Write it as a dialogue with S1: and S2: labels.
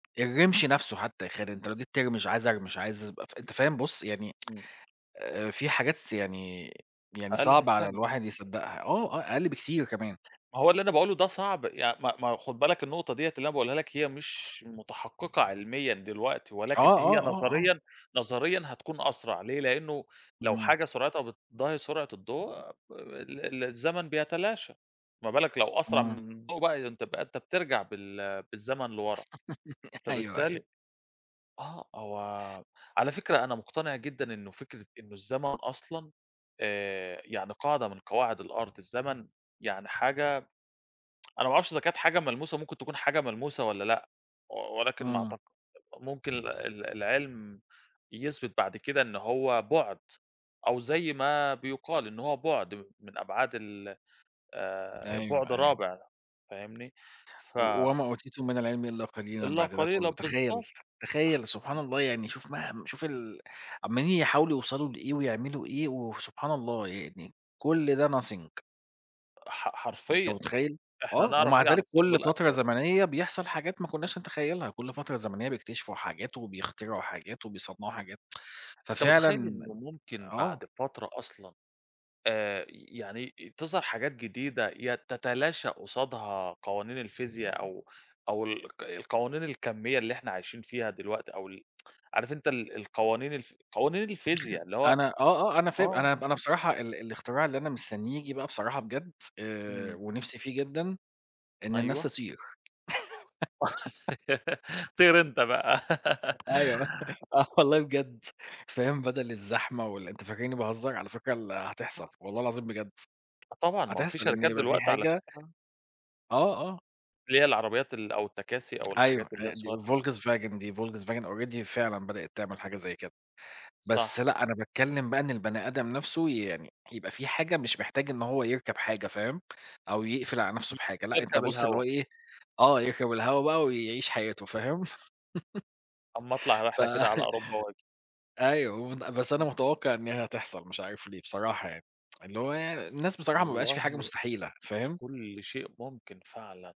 S1: الرّمش نفسه حتى يا خالد أنت لو جيت ترمِش، عايز أرمِش، عايز ابقى أنت فاهم، بُصّ يعني
S2: إمم.
S1: آآ في حاجات، يعني، يعني
S2: أقَل من
S1: صعب على
S2: الثانية.
S1: الواحد يصدّقها آه، آه، أقَل بكتير كمان.
S2: ما هو اللي أنا باقوله ده صعب يع ما ما خُد بالك النقطة دِيّة اللي أنا باقولها لك هي مش متحقِّقة عِلميًا دلوقتي
S1: آه،
S2: ولكن هي
S1: آه، آه، آه.
S2: نظريًا نظريًا هتكون أسرَع ليه، لأنّه لو
S1: إمم.
S2: حاجة سُرعتها بتضاهي سُرعة الضوء، ال ال الزمن بيتلاشى، ما بالك لو أسرَع
S1: إمم.
S2: من الضوء بقى، أنت ب أنت بترجَع بال بالزمن لوَرا،
S1: أيوه، أيوه.
S2: فبالتالي آه، هو على فكرة أنا مقتنِع جدًا إنّه فكرة إنّه الزمن أصلًا آآ، يعني قاعدة من قواعد الأرض، الزمن يعني حاجة أنا ما أعرفش إذا كانت حاجة ملموسة ممكن تكون حاجة ملموسة والّا لأ و ولكن ما
S1: إمم.
S2: أعتق ممكن ال ال العِلم يثبِت بَعد كده إن هو بُعد أو زي ما بيُقال إن هو بُعد م من أبعاد ال آآ بُعد
S1: أيوه، أيوه.
S2: رابع فاهمني؟ ف
S1: "وما أوتيتم من العلم إلّا قليلًا"
S2: إلّا
S1: بَعد ده
S2: قليلًا،
S1: كلّه تخيّل
S2: بالضبط.
S1: س
S2: أها.
S1: تخيّل سبحان الله يعني شوف مه شوف ال عمّالين يحاولوا يوصَلوا لإيه ويعملوا إيه وسبحان الله يعني كل ده nothing
S2: ح
S1: أنت
S2: حرفيًا.
S1: متخيّل،
S2: إحنا
S1: آه،
S2: نعرف
S1: ومع
S2: إيه عن
S1: ذلك
S2: الثُّقب
S1: كلّ فترة
S2: الأسوَد.
S1: زمنيّة بيحصَل حاجات ما كنّاش نتخيّلها، كلّ فترة زمنيّة بيكتشفوا حاجات وبيخترعوا حاجات وبيصنّعوا حاجات،
S2: أنت متخيّل
S1: ففعلًا
S2: إنّه ممكن
S1: آه.
S2: بعد فترة أصلًا آآ، ي يعني تظهَر حاجات جديدة ي تتلاشى قُصادها قوانين الفيزياء أو أو ال الق القوانين الكَميّة اللي إحنا عايشين فيها دلوقتي أو ال عارف أنت ال القوانين الف قوانين الفيزياء اللي هو
S1: أنا آه آه أنا فاهم
S2: آه.
S1: أنا أنا بصراحة ال الإختراع اللي أنا مستنيه ييجي بقى بصراحة بجد آآ
S2: إمم.
S1: ونِفسي فيه جدًا إن الناس
S2: أيوه.
S1: تطِير
S2: طِير أنت بقى
S1: أيوه، آه والله بجد فاهم، بدَل الزحمة وال أنت فاكرني بهزّر؟ على فكرة ال هتحصَل والله العظيم بجد.
S2: آه طبعًا، ما هو في
S1: هتحصَل إنّه
S2: شركات
S1: يبقى في
S2: دلوقتي على
S1: حاجة
S2: فكرة
S1: آه، آه.
S2: اللي هي العربيات ال أو التكاسي أو
S1: أيوه
S2: الحاجات اللي هي
S1: أ دي
S2: الصغيّرة [unintelligible]
S1: Volkswagen دي Volkswagen already فعلًا بدئت تعمل حاجة زي كده، بس
S2: صح.
S1: لأ، أنا باتكلّم بقى إن البني آدم نفسه يعني يبقى في حاجة مش محتاج إن هو يركَب حاجة فاهم، أو يقفِل على نفسه
S2: ي
S1: بحاجة لأ، أنت
S2: يركَب
S1: بُصّ اللي
S2: الهوا.
S1: هو إيه، آه يركَب الهوا بقى ويعيش حياته فاهم.
S2: أمّا اطلَع
S1: ف
S2: رحلة كده على أوروبا وآجي.
S1: أيوه ومت بس أنا
S2: إمم.
S1: متوقَّع إن هي هتحصَل مش عارف ليه بصراحة يعني، اللي هو الناس بصراحة ما بقاش في حاجة
S2: والله.
S1: مستحيلة فاهم.
S2: كلّ شيء ممكن فعلًا.